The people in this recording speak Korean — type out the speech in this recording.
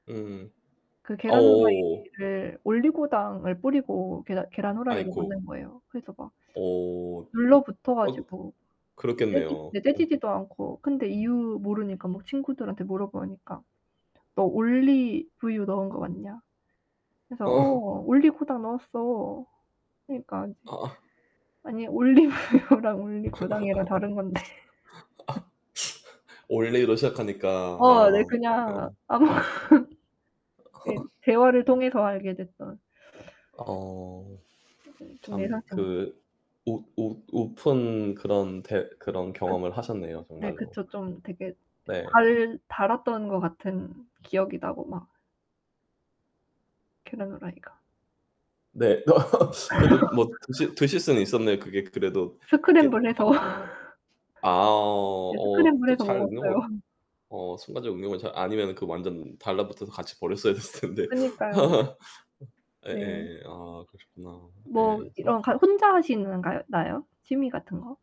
음. 그 아. 오오. 계란후라이를 올리고당을 뿌리고 계란 계란 후라이를 아이코. 만든 거예요. 그래서 막 오. 눌러 붙어 어 가지고 떼지 그렇겠네요. 네. 어. 떼지지도 않고 근데 이유 모르니까 막 친구들한테 물어보니까 "너 올리브유 넣은 거 맞냐?" 그래서 어. "어. 올리고당 넣었어." 그러니까 이제 어어. 아니 "올리브유랑 올리고당이랑 다른 건데." 올리로 시작하니까 어. 네. 아. 그냥 어. 아무 네. 대화를 통해서 알게 됐던. 어. 음. 좀 참 예상치 못 그 웃 웃 웃픈 그런 대 그런 그 경험을 하셨네요, 네. 정말로. 그쵸. 좀 되게 네. 달 달았던 거 같은 기억이 나고 막 계란후라이가. 네. 그래도 뭐 드실 드실 수는 있었네요. 그게 그래도 이게 스크램블해서 막 아 네. 어. 또 스크램블해서 잘 응용을 먹었어요. 어 순간적으로 응용을 잘 아니면 완전 달라 붙어서 같이 버렸어야 됐을텐데. 그니까요. 네. 예예. 아 그러셨구나. 뭐 예. 성 이런 가 혼자 하시는 가요 나요? 취미 같은 거?